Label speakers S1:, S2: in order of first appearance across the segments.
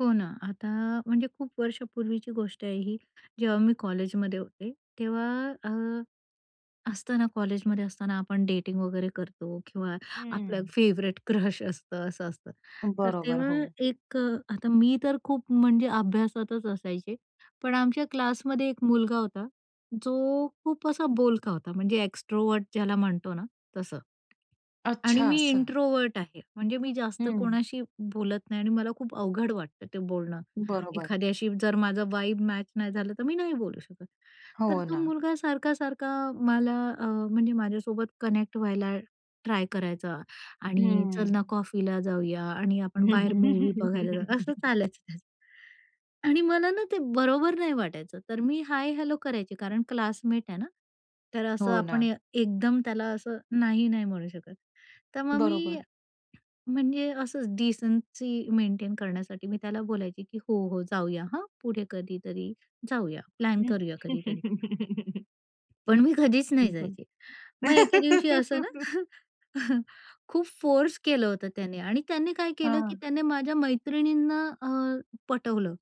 S1: हो ना, आता म्हणजे खूप वर्षापूर्वीची गोष्ट आहे ही जेव्हा मी कॉलेजमध्ये होते तेव्हा अ, असताना कॉलेजमध्ये असताना आपण डेटिंग वगैरे करतो किंवा आपलं
S2: हं.
S1: फेव्हरेट क्रश असतं, असं असतं. तर
S2: बरोबर
S1: तेव्हा
S2: हो.
S1: एक अ, आता मी तर खूप म्हणजे अभ्यासातच असायचे, पण आमच्या क्लासमध्ये एक मुलगा होता, जो खूप असा बोलका होता, म्हणजे एक्स्ट्रोव्हर्ट ज्याला म्हणतो ना, तसं. आणि
S2: अच्छा
S1: मी
S2: असं.
S1: इंट्रोव्हर्ट आहे. म्हणजे मी जास्त
S2: हं.
S1: कोणाशी बोलत नाही आणि मला खूप अवघड वाटतं ते बोलणं
S2: बरोबर.
S1: एखाद्याशी. जर माझा व्हाइब मॅच नाही झालं, तर मी नाही बोलू शकत. तर
S2: हो
S1: तो
S2: ना.
S1: मुलगा सारखा-सारखा मला, अ म्हणजे माझ्यासोबत कनेक्ट व्हायला ट्राय करायचा
S2: हं,
S1: आणि "चल ना,
S2: हं.
S1: कॉफीला जाऊया आणि आपण बाहेर मूव्ही बघायला जाऊ." असं चालायचं त्याचं. आणि मला ना ते बरोबर नाही वाटायचं, तर मी हाय हॅलो करायची कारण क्लासमेट आहे ना. तर असं
S2: हो
S1: आपण
S2: ना.
S1: एकदम त्याला असं नाही-नाही म्हणू शकत. तर मग मी
S2: बरोबर.
S1: म्हणजे असंच डिसेन्सी मेंटेन करण्यासाठी मी त्याला बोलायची की हो-हो जाऊया हां, पुढे कधीतरी जाऊया, प्लॅन करूया कधीतरी. पण मी कधीच नाही
S2: बरं.
S1: जायची. मग एके दिवशी असं ना खूप फोर्स केलं होतं त्याने आणि त्याने काय केलं की
S2: हां.
S1: त्याने माझ्या मैत्रिणींना अ, पटवलं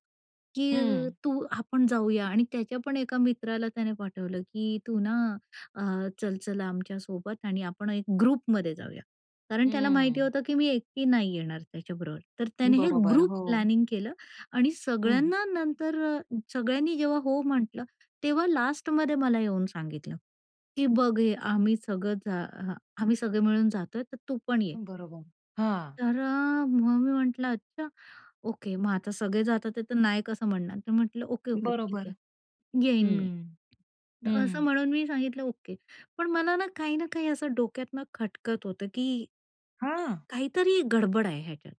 S1: की
S2: हं.
S1: तू आपण जाऊया आणि त्याच्या पण एका मित्राला त्याने पाठवलं की तू ना अ, चल-चल आमच्यासोबत आणि आपण 1 ग्रुपमध्ये जाऊया. कारण त्याला माहिती
S2: हं.
S1: होतं की मी एकटी नाही येणार त्याच्याबरोबर, तर त्याने हे
S2: बरोबर,
S1: ग्रुप
S2: हो.
S1: प्लॅनिंग केलं आणि
S2: हं.
S1: सगळ्यांना, नंतर अ, सगळ्यांनी जेव्हा हो म्हटलं तेव्हा लास्टमध्ये मला येऊन सांगितलं की बघ, हे आम्ही सगळ जा अ आम्ही सगळे मिळून जातोय तर तू पण ये.
S2: बरोबर हां.
S1: तर अ, मग मी म्हंटलं अच्छा ओके. मग आता सगळे जातात तर नाही कसं म्हणणार तर म्हंटलं ओके-ओके ठीक
S2: बरोबर.
S1: आहे येईन मी.
S2: हं,
S1: असं
S2: हं.
S1: म्हणून मी सांगितलं ओके, पण मला ना काही ना काही असं डोक्यातनं खटकत होतं की.
S2: हां.
S1: काहीतरी गडबड आहे ह्याच्यात.